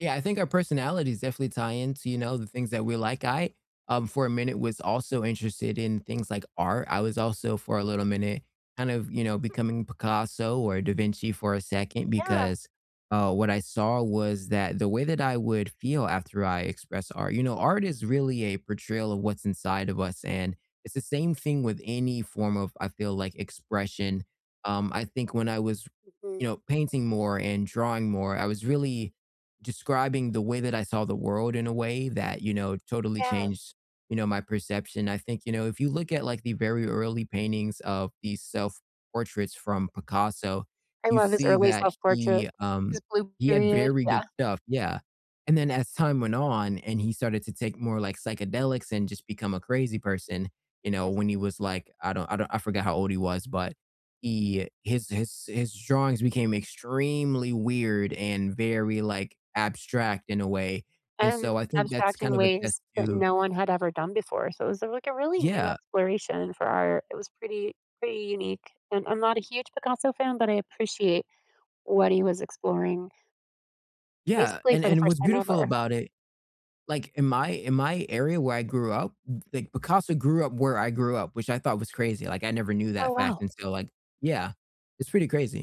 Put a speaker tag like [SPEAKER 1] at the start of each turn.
[SPEAKER 1] Yeah, I think our personalities definitely tie into, you know, the things that we like I, um, for a minute was also interested in things like art. I was also, for a little minute, kind of, you know, becoming Picasso or da Vinci for a second,
[SPEAKER 2] Yeah.
[SPEAKER 1] because, uh, what I saw was that the way that I would feel after I express art you know, art is really a portrayal of what's inside of us, and it's the same thing with any form of, I feel like, expression. Um, I think when I was,
[SPEAKER 2] Mhm.
[SPEAKER 1] you know, painting more, and drawing more, I was really describing the way that I saw the world, in a way, that, you know, totally
[SPEAKER 2] Yes.
[SPEAKER 1] changed, you know, my perception I think, you know, if you look at, like, the very early paintings of these self-portraits from Picasso,
[SPEAKER 2] I
[SPEAKER 1] you
[SPEAKER 2] love his
[SPEAKER 1] see
[SPEAKER 2] early
[SPEAKER 1] that he,
[SPEAKER 2] self-portraits.
[SPEAKER 1] um
[SPEAKER 2] His Blue
[SPEAKER 1] he had
[SPEAKER 2] Period,
[SPEAKER 1] very good
[SPEAKER 2] yeah.
[SPEAKER 1] stuff, yeah. And then as time went on, and he started to take more, like, psychedelics, and just become a crazy person, you know, when he was, like I don't I don't I forgot how old he was, but he his his his drawings became extremely weird, and very, like, abstract in a way, and
[SPEAKER 2] And
[SPEAKER 1] so I think that's
[SPEAKER 2] abstract
[SPEAKER 1] kind
[SPEAKER 2] in
[SPEAKER 1] of a test
[SPEAKER 2] ways that
[SPEAKER 1] to
[SPEAKER 2] no one had ever done before, so it was a like, a really new
[SPEAKER 1] Yeah.
[SPEAKER 2] exploration for art. It was pretty, pretty unique, and I'm not a huge Picasso fan, but I appreciate what he was exploring
[SPEAKER 1] Yeah,
[SPEAKER 2] basically,
[SPEAKER 1] and
[SPEAKER 2] for the
[SPEAKER 1] and
[SPEAKER 2] first
[SPEAKER 1] what's
[SPEAKER 2] time
[SPEAKER 1] beautiful
[SPEAKER 2] ever.
[SPEAKER 1] about it like, in my in my area where I grew up, w like, Picasso grew up where I grew up, which I thought was crazy, like, I never knew
[SPEAKER 2] Oh,
[SPEAKER 1] that fact
[SPEAKER 2] wow.
[SPEAKER 1] and so, like yeah. It's pretty crazy.